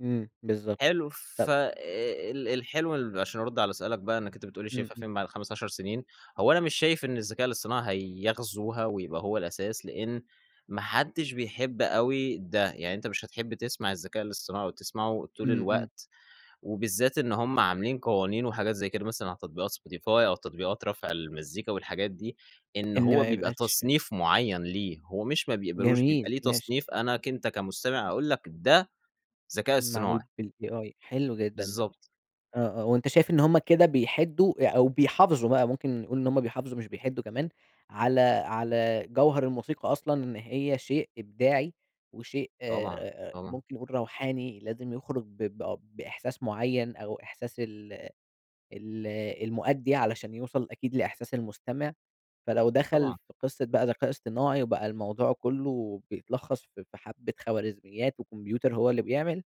إمم، بالضبط. حلو، طب ف آآ، ال الحلو ال عشان ارد على سؤالك بقى إنّك أنت بتقول لي إمم، شايفها إمم. فين بعد 5، 10 سنين؟ هو أنا مش شايف إن الذكاء الإصطناعي هيغزوها ويبقى هو الأساس، لإن ما حدش بيحب أوي ده. يعني أنت مش هتحب تسمع الذكاء الإصطناعي أو تسمعه طول إمم، إمم. الوقت وبالذات إن هُم عاملين قوانين وحاجات زي كده مثلًا على تطبيقات Spotify أو تطبيقات رَفع المزّيكا والحاجات دي، إن إن هو ما بيبقى يبقاش أ تصنيف معيّن ليه، هو مش ما بيقبلوش، جميل. بيبقى ليه ماشي. تصنيف أنا ك أنت كمستمع اقول لك ده ذكاء معمول إصطناعي. بالai. حلو جدًا ده. بالضبط. آه، آه، هو أنت شايف إن هُم كده بيحدوا أ أو بيحافظوا بقى ممكن نقول، إن هُم بيحافظوا مش بيحدوا كمان على على جَوهر الموسيقى أصلًا، إن هي شيء إبداعي وشيء طبعًا، آآ، طبعًا. ممكن نقول روحاني، لازم يخرج ب ب بإحساس معيّن أو إحساس ال ال المؤدّي علشان يوصل أكيد لإحساس المستمع. فلو دخل طبعًا. في قصة بقى ذكاء إصطناعي وبقى الموضوع كلّه بيتلخّص في في حَبة خوارزميات وكمبيوتر هو اللي بيعمل،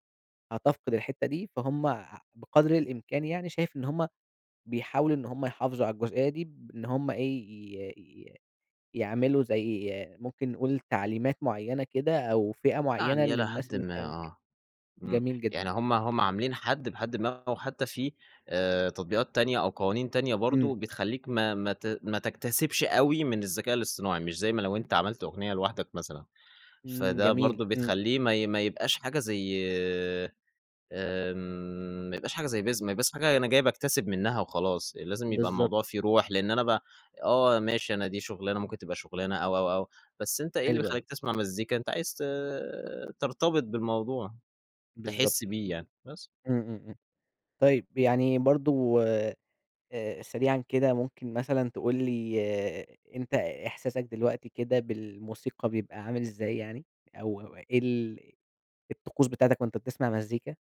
هتفقد الحتة دي، فهُم أ بقدر الإمكان يعني، شايف إن هُم بيحاولوا إن هُم يحافظوا على الجزئية دي، بإن هُم إيه، ي ي يعملوا زي ممكن نقول تعليمات معيّنة كده أو فِئة معيّنة يعني إلى للناس حدٍ اللي ما، بتعمل كده. آه. إمم، جميل جدًا. يعني هُم هُم عاملين حد بحدٍ ما، أو حتى في آآ، تطبيقات تانية أو قوانين تانية إمم. برضه بتخلّيك ما ما ت ما تكتسبش أوي من الذكاء الإصطناعي، مش زي ما لو أنت عملت أغنية لوحدك مثلًا. إمم، فده جميل. برضه إمم. بتخلّيه ما ي ما يبقاش حاجة زي، آمم، ما يبقاش حاجة زي [unintelligible] بس في حاجة أنا جاي باكتسب منّها وخلاص، لازم يبقى بالضبط. الموضوع فيه روح، لإن أنا ب آه، ماشي أنا دي شُغلانة ممكن تبقى شٌغلانة أو أو أو بس أنت إيه اللي حلوة أوي. بيخلّيك تسمع مزّيكا؟ أنت عايز ت ترتبط بالموضوع، تحس بالضبط. بيه إمم. يعني، بس. إمم، إمم، إمم، طيب، يعني برضه آآ، سريعًا كده، ممكن مثلًا تقول لي أنت إحساسك دلوقتي كده بالموسيقى، بيبقى عامل ازاي يعني؟ أو أو إيه ال الطقوس بتاعتك وأنت بتسمع مزّيكا؟